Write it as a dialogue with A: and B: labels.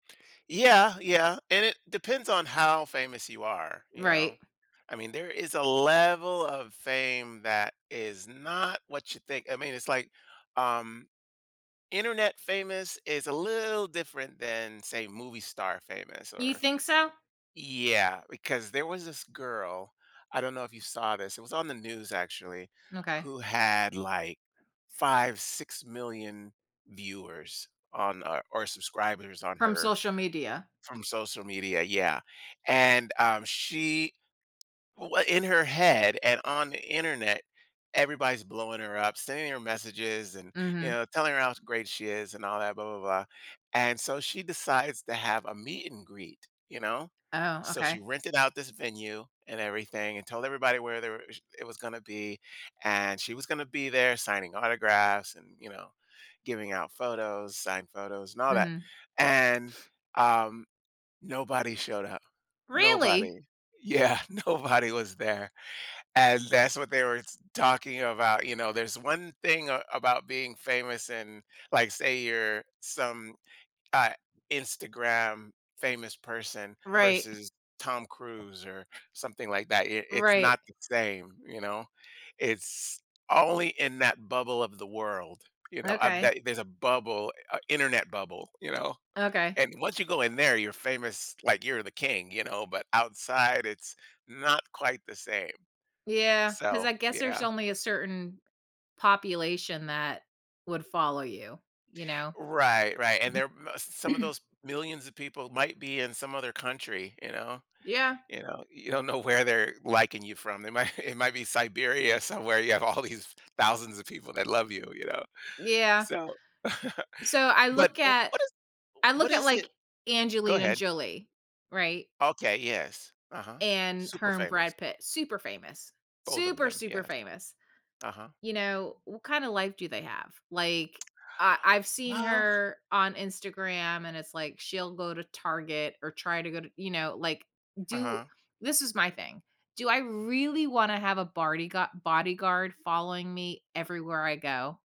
A: Yeah, yeah, and it depends on how famous you are, you know?
B: Right.
A: I mean, there is a level of fame that is not what you think, I mean, it's like, um, Internet famous is a little different than, say, movie star famous
B: You
A: or
B: think so?
A: yeah, because there was this girl, I don't know if you saw this, it was on the news, actually,
B: Okay.
A: who had, like, 5, 6,000,000 viewers on or subscribers on
B: From
A: her
B: social media.
A: from social media, yeah, and, um, she w in her head and on the Internet, everybody's blowing her up, sending her messages, and, you
B: Mhm.
A: know, telling her how great she is and all that, blah, blah, blah. And so she decides to have a meet and greet, you know?
B: Oh,
A: So, she
B: okay.
A: rented out this venue and everything and told everybody where there were sh it was gonna be, and she was gonna be there signing autographs and, you know, giving out photos, signed photos and all that,
B: Mhm.
A: and, um, nobody showed up, nobody.
B: Really?
A: Yeah, nobody was there, and that's what they were s talking about, you know. There's one thing a about being famous and, like, say, you're some, uh, Instagram famous person
B: Right.
A: versus Tom Cruise or something like that, it it's
B: Right.
A: not the same, you know? It's only in that bubble of the world, you know, of
B: Okay.
A: that there's a bubble, uh, Internet bubble, you know?
B: Okay.
A: And once you go in there, you're famous like you're the king, you know? But outside, it's not quite the same.
B: Yeah, 'cause
A: So,
B: I guess there's
A: yeah.
B: only a certain population that would follow you, you know?
A: Right, right, and there uh, some of
B: [unintelligible]
A: those millions of people might be in some other country, you know,
B: Yeah.
A: you know, you don't know where they're liking you from. They might it might be Siberia somewhere you have all these thousands of people that love you, you know?
B: Yeah.
A: So,
B: So, I
A: but,
B: look
A: oh,
B: at
A: what is u
B: I
A: what
B: look at,
A: is it
B: like,
A: Go
B: Angelina
A: ahead.
B: Jolie, right?
A: Okay. Yes. Uh-huh.
B: And
A: Super
B: her and
A: famous.
B: Brad Pitt, super famous.
A: Both of
B: Super,
A: them.
B: super
A: Yes.
B: famous,
A: Uh-huh.
B: you know, what kind of life do they have? Like, I I've seen
A: Well
B: her on Instagram, and it's like she'll go to Target or try to go to you know, like, do
A: Uh-huh.
B: This is my thing, do I really wanna have a bodygua- bodyguard following me everywhere I go?